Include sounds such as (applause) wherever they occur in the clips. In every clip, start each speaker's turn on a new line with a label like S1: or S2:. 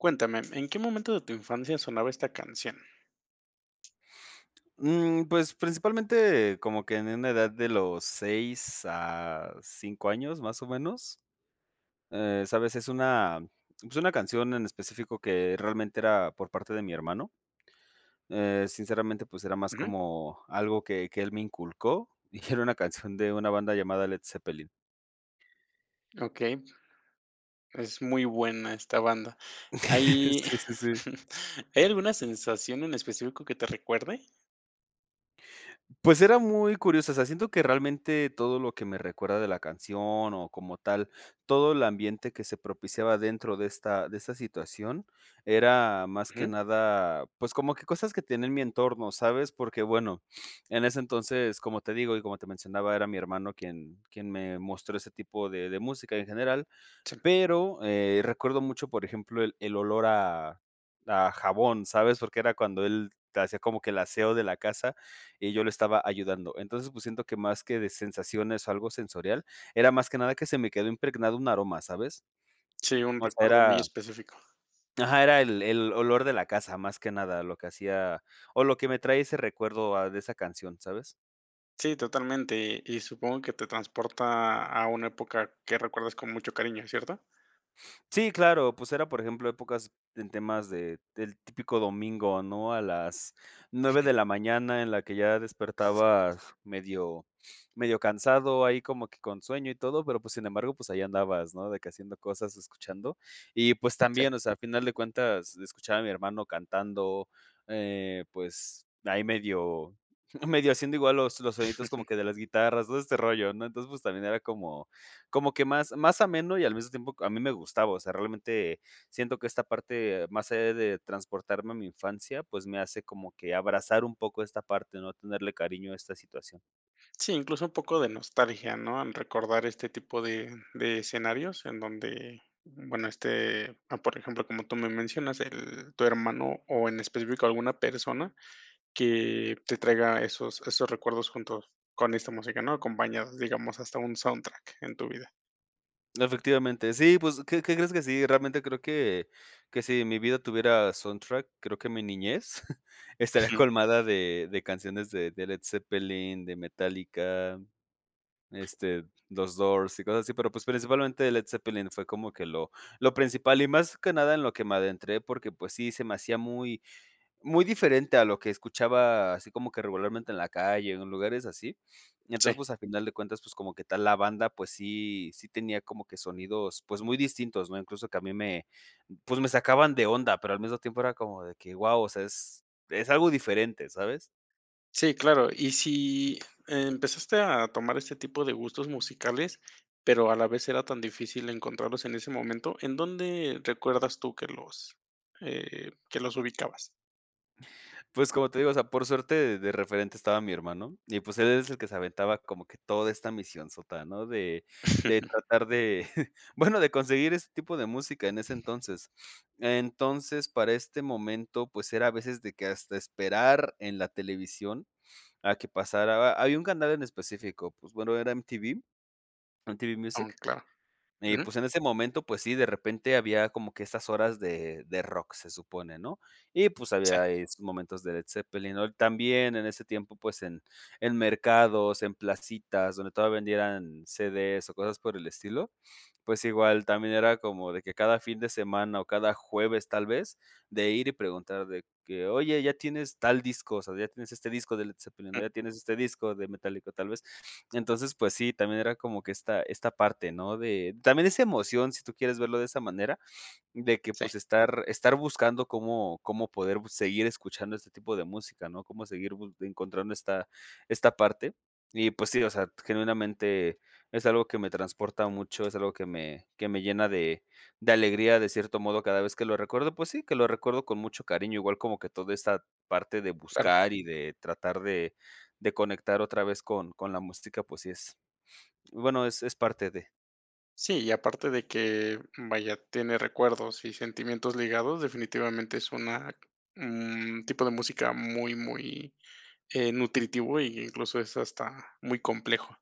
S1: Cuéntame. ¿En qué momento de tu infancia sonaba esta canción?
S2: Mm, pues, principalmente como que en una edad de los 6 a 5 años más, o, menos, eh, ¿sabes? Es una es una canción en específico que realmente era por parte de mi hermano. Eh, sinceramente, pues era más
S1: Ujú.
S2: como algo que que él me inculcó, (chuckles) y que era una canción de una banda llamada Led Zeppelin.
S1: Okey. Es muy buena esta banda.
S2: (chuckles)
S1: ¿Hay
S2: Sí, sí, sí.
S1: (chuckles) hay alguna sensación en específico que te recuerde?
S2: Pues era muy curiosa, o sea, siento que realmente todo lo que me recuerda de la canción, o, como tal todo el ambiente que se propiciaba dentro de esta de esta situación era más que
S1: Ujú.
S2: nada, pues, como que cosas que tenía en mi entorno, ¿sabes? Porque bueno, (sniffs) en ese entonces como te digo, y como te mencionaba, era mi hermano quien quien me mostró ese tipo de de música en general.
S1: Sí.
S2: Pero, eh, recuerdo mucho, por ejemplo, el el olor a a jabón, ¿sabes? Porque era cuando él hacía como que el aseo de la casa y yo lo estaba ayudando. Entonces. pues siento que más que de sensaciones o algo sensorial era más que nada que se me quedó impregnado un aroma, ¿sabes?
S1: Sí, un
S2: O sea,
S1: recuerdo muy
S2: era
S1: específico.
S2: Ajá, era el el olor de la casa más que nada lo que hacía o, lo que me trae ese recuerdo a de esa canción, ¿sabes?
S1: Sí, totalmente, y supongo que te transporta a una época que recuerdes con mucho cariño, ¿cierto?
S2: Sí, claro, pues, era por ejemplo, épocas en temas de del típico domingo, ¿no?, a las 9
S1: Sí.
S2: de la mañana, en la que ya despertabas medio (sniffs) medio cansado, ahí como que con sueño y todo, pero pues, sin embargo, pues, ahí andabas, ¿no?, de que haciendo cosas, escuchando y pues,
S1: Sí.
S2: también, o sea, al final de cuentas, escuchaba a mi hermano cantando, eh, pues, ahí medio (chuckles) medio haciendo igual los los soniditos como
S1: (chuckles)
S2: que de las guitarras, todo este rollo, ¿no?, entonces, pues, también era como como que más más ameno, y al mismo tiempo a mí me gustaba, o sea, realmente, siento que esta parte más allá de transportarme a mi infancia, pues, me hace como que abrazar un poco esta parte, ¿no?, tenerle cariño a esta situación.
S1: Sí, incluso un poco de nostalgia, ¿no?, al recordar este tipo de de escenarios en donde, bueno, este, a por ejemplo, como tú me mencionas, el tu hermano, o en específico alguna persona, que te traiga esos esos recuerdos juntos con esta música, ¿no?, acompañadas, digamos, hasta un soundtrack en tu vida.
S2: Efectivamente, sí, pues, ¿qué qué crees?, que sí. Realmente creo que, que si mi vida tuviera soundtrack, creo que mi niñez (giggles) estaría
S1: Ujú.
S2: colmada de de canciones de de Led Zeppelin, de Metallica, este, los Doors y cosas así, pero pues principalmente Led Zeppelin fue como que lo lo principal y más que nada en lo que me adentré porque pues sí se me hacía muy muy diferente a lo que escuchaba así como que regularmente en la calle o en lugares así, (sniffs) entonces
S1: Sí.
S2: pues a final de cuentas pues como que tal la banda pues sí sí tenía como que sonidos pues muy distintos, ¿no? incluso que a mí me pues me sacaban de onda pero al mismo tiempo era como de que, guau, o sea es es algo diferente, ¿sabes?
S1: Sí, claro, y si empezaste a tomar este tipo de gustos musicales, pero a la vez era tan difícil encontrarlos en ese momento, ¿en dónde recuerdas tú que los, eh, que los ubicabas?
S2: Pues como te digo, o sea por suerte de referente estaba mi hermano y pues él es el que se aventaba como que toda esta misionsota, ¿no? de de
S1: (chuckles)
S2: tratar de (giggles) bueno, de conseguir este tipo de música en ese entonces. (sniffs) Entonces, para este momento pues era a veces de que hasta esperar en la televisión (sniffs) a que pasara ba había un canal en específico pues bueno era MTV, MTV
S1: Aún,
S2: Music
S1: claro.
S2: y
S1: Ujú.
S2: pues en ese momento pues sí de repente había como que esas horas de de rock se supone, ¿no?, y pues
S1: Sí.
S2: había ahí sus momentos de Led Zeppelin, ¿no?, también en ese tiempo pues en en mercados, en placitas, donde todavía vendieran CDs o cosas por el estilo, (sniffs) pues igual también era como de que cada fin de semana o cada jueves tal vez de ir y preguntar de que: "Oye ¿ya tienes tal disco, o sea ya tienes este disco de Led Zepellin, no?
S1: Mm.
S2: ¿Ya tienes este disco de Metallica?, tal vez, (sniffs) entonces, pues sí, también era como que esta esta parte, ¿no? de también esa emoción, si tú quieres verlo de esa manera, (sniffs) de que
S1: Sí.
S2: pues estar estar buscando cómo cómo poder bu seguir escuchando este tipo de música, ¿no? cómo seguir bus encontrando esta esta parte, y pues sí, o sea, genuinamente es algo que me transporta mucho, es algo que me que me llena de de alegría, de cierto modo, cada vez que lo recuerdo, pues sí, que lo recuerdo con mucho cariño, igual como que toda esta parte de
S1: Claro.
S2: buscar y de tratar de de conectar otra vez con con la música, pues sí es, (sniffs) bueno, es es parte de.
S1: Sí, y aparte de que, vaya, tiene recuerdos y sentimientos ligados, definitivamente es una un tipo de música muy muy, eh, nutritivo, y incluso es hasta muy complejo.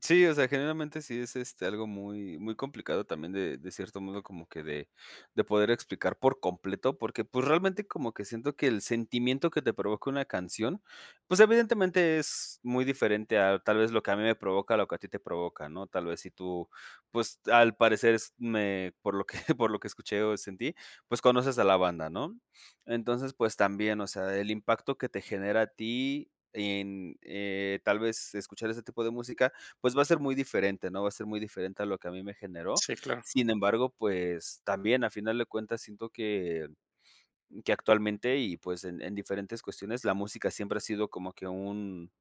S2: Sí, o sea, generalmente sí es, este, algo muy muy complicado también de de cierto modo como que de de poder explicar por completo, porque, pues, realmente como que siento que el sentimiento que te provoca una canción, pues, evidentemente es muy diferente a tal vez lo que a mí me provoca, lo que a ti te provoca, ¿no? Tal vez si tú, pues, al parecer es me por lo que (giggles) por lo que escuché o sentí, conoces a la banda, ¿no? (sniffs) Entonces, pues también, o sea, el impacto que te genera a ti en, eh, tal vez escuchar ese tipo de música, pues va a ser muy diferente, ¿no? Va a ser muy diferente a lo que a mí me generó.
S1: Sí, claro.
S2: Sin embargo, pues también, a final de cuentas siento que que (sniffs) actualmente y pues en en diferentes cuestiones la música siempre ha sido como que un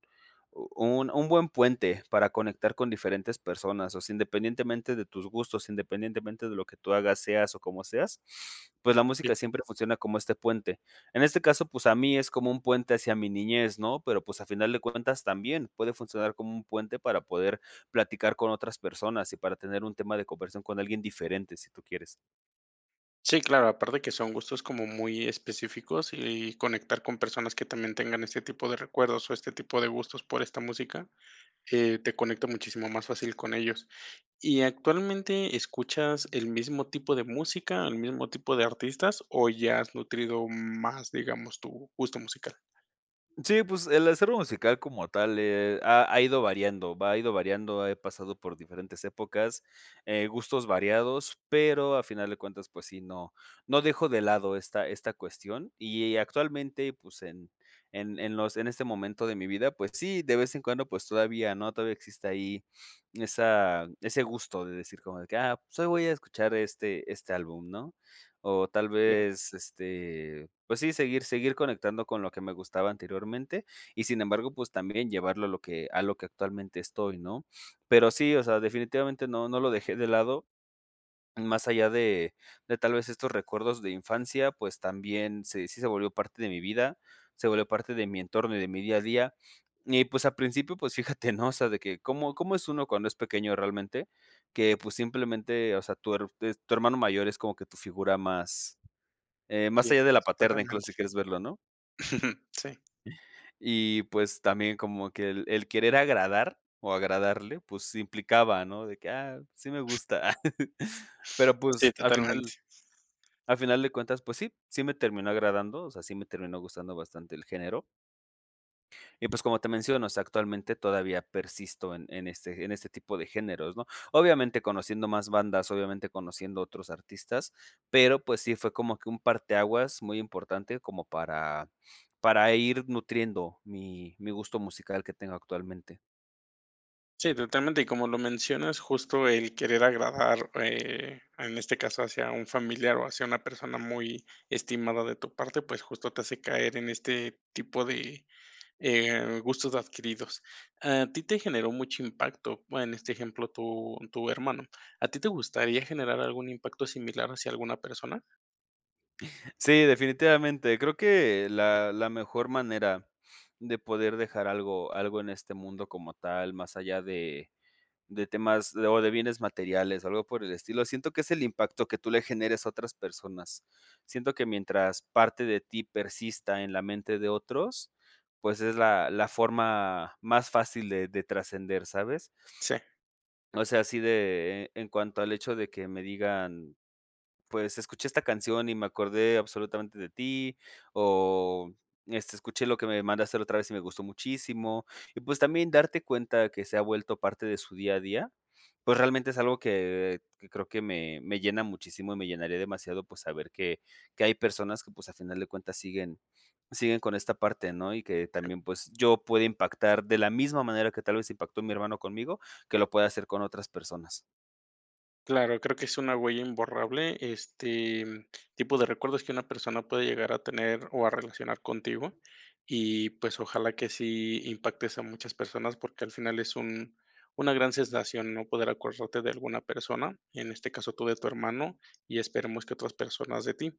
S2: un un buen puente para conectar con diferentes personas, o sea, independientemente de tus gustos, independientemente de lo que tú hagas seas o como seas, (sniffs) pues la
S1: Sí.
S2: música siempre funciona como este puente. En este caso, pues a mí es como un puente hacia mi niñez, ¿no? Pero, pues a final de cuentas, también puede funcionar como un puente para poder platicar con otras personas y para tener un tema de conversación con alguien diferente, si tú quieres.
S1: Sí, claro, aparte que son gustos como muy específicos, y conectar con personas que también tengan este tipo de recuerdos, o, este tipo de gustos por esta música, eh, te conecta muchísimo más fácil con ellos. ¿Y actualmente escuchas el mismo tipo de música, el mismo tipo de artistas, o, ya has nutrido más, digamos, tu gusto musical?
S2: Sí, pues, el acervo musical como tal, eh, ha ha ido variando, va ido variando, he pasado por diferentes épocas. Eh, gustos variados, pero a final de cuentas, pues sí, no no dejo de lado esta esta cuestión, y actualmente, pues, en en en los en este momento de mi vida, pues sí, de vez en cuando, pues todavía, ¿no? Todavía existe ahí, (sniffs) esa ese gusto de decir como de que: "Ah, pues hoy voy a escuchar este este álbum", ¿no? O tal
S1: Ya.
S2: vez este, pues, sí seguir, seguir conectando con lo que me gustaba anteriormente y sin embargo, pues, también llevarlo a lo que a lo que actualmente estoy, ¿no? (sniffs) Pero sí, o sea, definitivamente no no lo dejé de lado, más allá de de tal vez estos recuerdos de infancia, pues, también se sí se volvió parte de mi vida, se volvió parte de mi entorno, y de mi día a día, y pues al principio, pues, fíjate ¿no? O sea, de que, cómo cómo es uno cuando es pequeño realmente que, pues simplemente, o sea, tu her tes tu hermano mayor es como que tu figura más, eh, más
S1: Sí,
S2: allá de la paterna, incluso
S1: exactamente.
S2: si quieres verlo, ¿no?
S1: (chuckles) Sí.
S2: Y, pues, también como que el el querer agradar o agradarle, pues, implicaba ¿no? De que: "Ah, sí me gusta". (chuckles) Pero,
S1: Sí,
S2: pues al
S1: totalmente.
S2: final al final de cuentas, pues sí, sí me terminó agradando, o sea, sí me terminó gustando bastante el género. Y pues como te menciono, o sea, actualmente todavía persisto en en ese en ese tipo de géneros, ¿no? Obviamente conociendo más bandas, obviamente conociendo otros artistas, pero, pues, sí fue como que un parteaguas muy importante como para para ir nutriendo mi mi gusto musical que tengo actualmente.
S1: Sí, totalmente, y como lo mencionas, justo el querer agradar, eh en este caso, hacia un familiar o hacia una persona muy estimada de tu parte, pues, justo te hace caer en este tipo de, eh, gustos adquiridos. A ti te generó mucho impacto, bueno, en este ejemplo tu tu hermano, ¿a ti te gustaría generar algún impacto similar hacia alguna persona?
S2: Sí, definitivamente. Creo que la la mejor manera de poder dejar algo algo en este mundo como tal, más allá de de temas o de bienes materiales o algo por el estilo, siento que es el impacto que tú le generes a otras personas. Siento que mientras parte de ti persista en la mente de otros, pues es la la forma más fácil de de trascender, ¿sabes?
S1: Sí.
S2: O sea, así de en cuanto al hecho de que me digan: "Pues escuché esta canción y me acordé absolutamente de ti", o, este: "Escuché lo que me mandaste la otra vez y me gustó muchísimo", y, pues también darte cuenta que se ha vuelto parte de su día a día, pues realmente es algo que que creo que me me llena muchísimo, y me llenaría demasiado pues saber que que hay personas que, pues, al final de cuentas, siguen siguen con esta parte, ¿no? Y que
S1: Sí.
S2: también pues yo pueda impactar de la misma manera que tal vez impactó mi hermano conmigo, que lo pueda hacer con otras personas.
S1: Claro, creo que es una huella imborrable, este, mm, tipos de recuerdos que una persona puede llegar a tener o a relacionar contigo y, pues, ojalá que sí impactes a muchas personas, porque al final es un una gran sensación, ¿no?, poder acordarte de alguna persona, en este caso tú de tu hermano, y esperemos que otras personas de ti.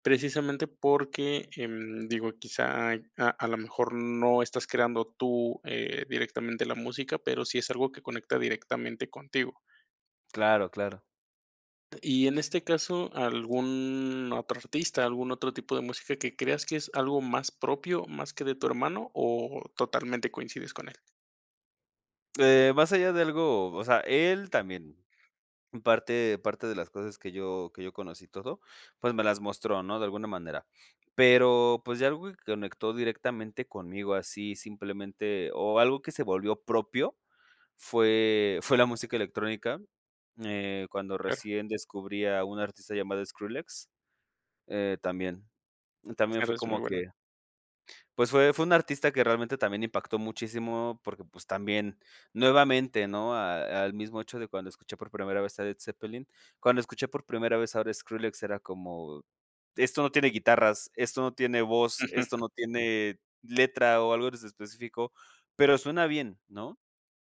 S1: Precisamente porque, em, digo, quizá hay a a la mejor no estás creando tú, eh, directamente la música, pero sí es algo que conecta directamente contigo.
S2: Claro, claro.
S1: Y en este caso, ¿algún otro artista, algún otro tipo de música que creas que es algo más propio, más que de tu hermano, o totalmente coincides con él?
S2: Eh, más allá de algo, o sea, él también. Parte parte de las cosas que yo que yo conocí y todo, pues me las mostró, ¿no?, de alguna manera. Pero, pues ya algo que conectó directamente conmigo así simplemente o algo que se volvió propio fue fue la música electrónica, eh, cuando
S1: Claro.
S2: recién descubrí a una artista llamada Skrillex, eh, también, y también fue
S1: Skrillex es muy
S2: como
S1: bueno.
S2: que. Pues fue fue un artista que realmente también impactó muchísimo porque, pues, también nuevamente, ¿no?, a al mismo hecho de cuando escuché por primera vez a Led Zeppelin. Cuando escuché por primera vez ahora Skrillex era como: "Esto no tiene guitarras, esto no tiene voz,
S1: Ujú.
S2: esto no tiene letra o algo en ese específico, pero suena bien", ¿no?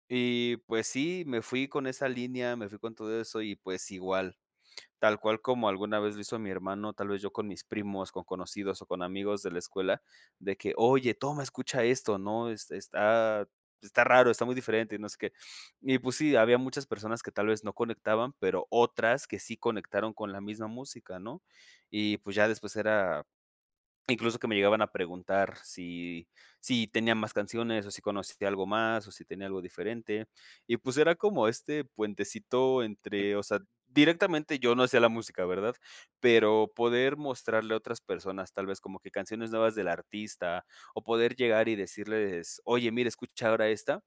S2: Y pues sí, me fui con esa línea, me fui con todo eso y pues igual, tal cual como alguna vez lo hizo mi hermano, tal vez yo con mis primos, con conocidos o con amigos de la escuela de que: "Oye toma escucha esto", ¿no?, es está está raro, está muy diferente y no sé qué, y pues sí, había muchas personas que tal vez no conectaban, pero otras que sí conectaron con la misma música, ¿no? Y pues ya después era incluso que me llegaban a preguntar si sí tenían más canciones o si conocía algo más o si tenía algo diferente. Y pues era como este puentecito entre,
S1: (unintelligible)
S2: o sea, directamente yo no hacía la música, ¿verdad? Pero poder mostrarle a otras personas, tal vez como que canciones nuevas del artista, o poder llegar y decirles: "Oye, mira, escucha ahora esta",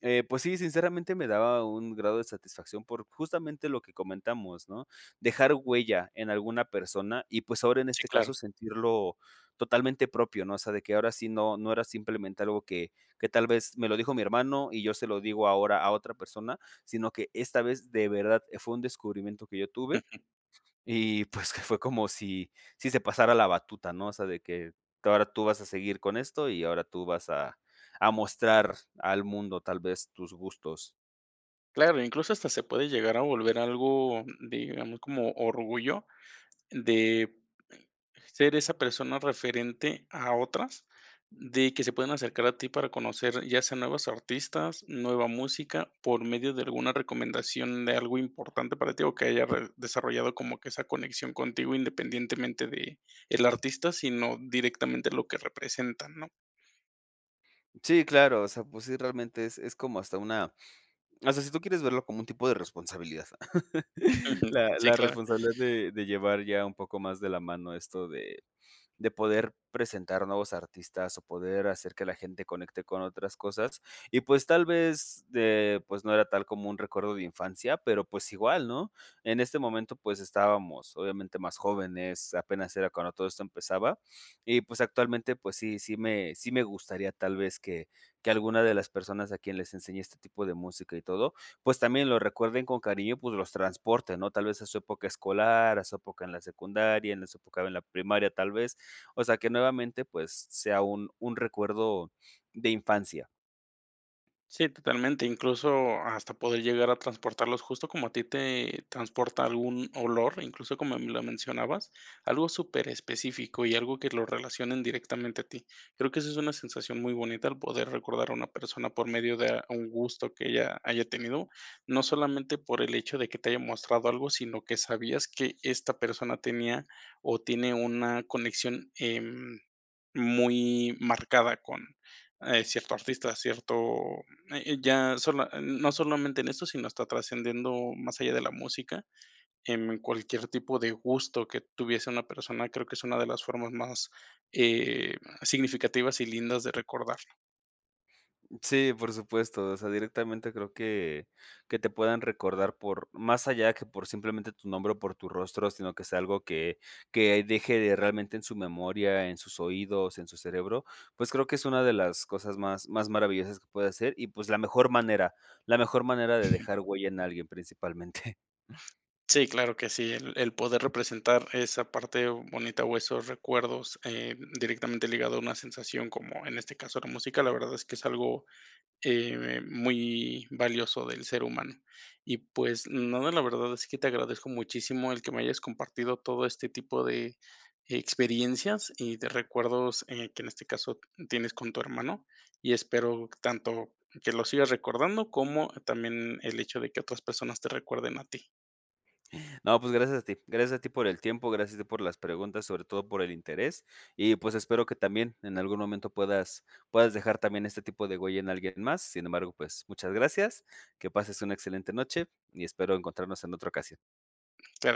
S2: eh, pues sí, sinceramente me daba un grado de satisfacción por justamente lo que comentamos, ¿no?, dejar huella en alguna persona y pues ahora en
S1: Si,
S2: este
S1: claro.
S2: caso sentirlo totalmente propio, ¿no?, o sea de que ahora sí no no era simplemente algo que que tal vez me lo dijo mi hermano y yo se lo digo ahora a otra persona sino que esta vez de verdad, eh, fue un descubrimiento que yo tuve
S1: Ujú.
S2: (chuckles) y pues que fue como si si se pasara la batuta, ¿no?, o sea de que que ahora tú vas a seguir con esto y ahora tú vas a a mostrar al mundo tal vez tus gustos.
S1: Claro, incluso hasta se puede llegar a volver algo digamos, como orgullo de ser esa persona referente a otras, de que se puedan acercar a ti para conocer, ya sean nuevos artistas, nueva música, por medio de alguna recomendación de algo importante para ti, o que haya re desarrollado como que esa conexión contigo, independientemente de el artista, sino directamente lo que representan, ¿no?
S2: Sí, claro, o sea, pues sí realmente es es como hasta una (sniffs) o sea, si tú quieres verlo como un tipo de responsabilidad. (chuckles)
S1: (chuckles)
S2: La
S1: Sí,
S2: la
S1: claro.
S2: responsabilidad de de llevar ya un poco más de la mano esto de (sniffs) de poder presentar nuevos artistas o poder hacer que la gente conecte con otras cosas y pues tal vez de pues no era tal como un recuerdo de infancia pero pues igual, ¿no? En este momento pues estábamos obviamente más jóvenes, apenas era cuando todo esto empezaba, (sniffs) y pues actualmente pues sí sí me sí me gustaría tal vez que que alguna de las personas a quien les enseñé este tipo de música y todo, pues también lo recuerden con cariño, pues los transporte, ¿no? Tal vez a su época escolar, a su época en la secundaria, en la su época en la primaria tal vez, o sea, que nuevamente, pues, sea un un recuerdo (sniffs) de infancia.
S1: Sí, totalmente. Incluso hasta poder llegar a transportarlos justo como a ti te transporta algún olor, incluso como me lo mencionabas, algo superespecífico y algo que lo relacionen directamente a ti. Creo que eso es una sensación muy bonita, el poder recordar a una persona por medio de a un gusto que ella haya tenido. No solamente por el hecho de que te haya mostrado algo, sino que sabías que esta persona tenía o tiene una conexión, em, muy marcada con, eh, cierto artista, cierto, e e ya sola n n no solamente en eso sino hasta trascendiendo más allá de la música en cualquier tipo de gusto que tuviese una persona, creo que es una de las formas más, eh, significativas y lindas de recordarlo.
S2: Sí, por supuesto. O sea, directamente creo que que te puedan recordar por, más allá que por simplemente tu nombre o por tu rostro, sino que sea algo que que deje de realmente en su memoria, en sus oídos, en su cerebro. Pues creo que es una de las cosas más más maravillosas que puedes hacer. Y pues la mejor manera la mejor manera de dejar
S1: (chuckles)
S2: huella en alguien, principalmente.
S1: Sí, claro que sí. El el poder representar esa parte bonita o esos recuerdos, eh, directamente ligado a una sensación, como en este caso la música, la verdad es que es algo, eh, muy valioso del ser humano. Y pues nada, la verdad es que te agradezco muchísimo el que me hayas compartido todo este tipo de experiencias y de recuerdos, eh, que en este caso tienes con tu hermano. Y espero tanto que lo sigas recordando, como también el hecho de que otras personas te recuerden a ti.
S2: No, pues gracias a ti. Gracias a ti por el tiempo. Gracias de por las preguntas. Sobre todo, por el interés. Y pues, espero que también en algún momento puedas puedas dejar también este tipo de huella en alguien más. Sin embargo, pues, muchas gracias. Que pases una excelente noche y espero encontrarnos en otra ocasión.
S1: Te re.